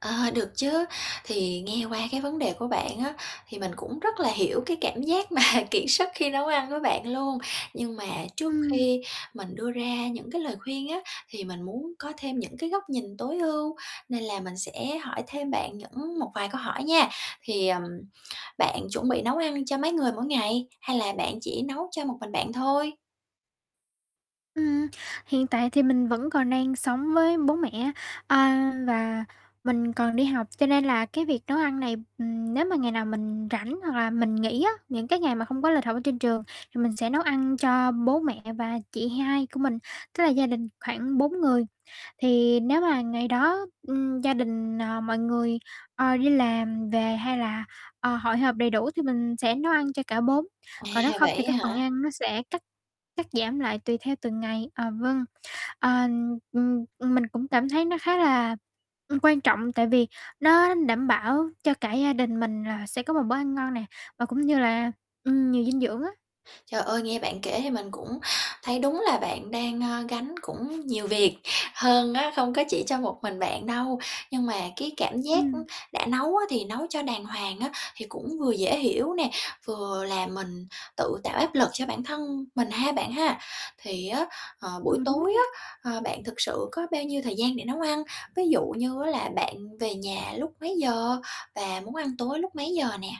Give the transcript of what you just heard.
Ờ, được chớ, thì nghe qua cái vấn đề của bạn á thì mình cũng rất là hiểu cái cảm giác mà kiệt sức khi nấu ăn của bạn luôn. Nhưng mà trước Ừm. khi mình đưa ra những cái lời khuyên á, thì mình muốn có thêm những cái góc nhìn tối ưu, nên là mình sẽ hỏi thêm bạn những một vài câu hỏi nha. Thì, ừm, bạn chuẩn bị nấu ăn cho mấy người mỗi ngày? Hay là bạn chỉ nấu cho một mình bạn thôi? Ừm, hiện tại thì mình vẫn còn đang sống với bố mẹ á, ờ, và mình còn đi học, cho nên là cái việc nấu ăn này, ừm, nếu mà ngày nào mình rảnh hoặc là mình nghỉ á, những cái ngày mà không có lịch học ở trên trường thì mình sẽ nấu ăn cho bố mẹ và chị hai của mình, tức là gia đình khoảng 4 người. Thì nếu mà ngày đó, ừm, gia đình, ờ, mọi người, ờ, đi làm về hay là, ờ, hội họp đầy đủ thì mình sẽ nấu ăn cho cả 4. À, Còn nếu không thì vậy cái á phần hả? ăn nó sẽ cắt cắt giảm lại tùy theo từng ngày. À, vâng. Ờ, ừm, ừm, mình cũng cảm thấy nó khá là, ừm, quan trọng tại vì nó đảm bảo cho cả gia đình mình là sẽ có một bữa ăn ngon nè, và cũng như là, ừm, nhiều dinh dưỡng á. Trời ơi, nghe bạn kể thì mình cũng thấy đúng là bạn đang, ơ, gánh cũng nhiều việc hơn á, không có chỉ cho một mình bạn đâu. Nhưng mà cái cảm giác, ưm, Ừm. đã nấu á thì nấu cho đàng hoàng á, thì cũng vừa dễ hiểu nè, vừa làm mình tự tạo áp lực cho bản thân mình ha, bạn ha. Thì á, ờ, Ừ, buổi đúng tối nha. á, ờ, bạn thực sự có bao nhiêu thời gian để nấu ăn? Ví dụ như á là bạn về nhà lúc mấy giờ và muốn ăn tối lúc mấy giờ nè?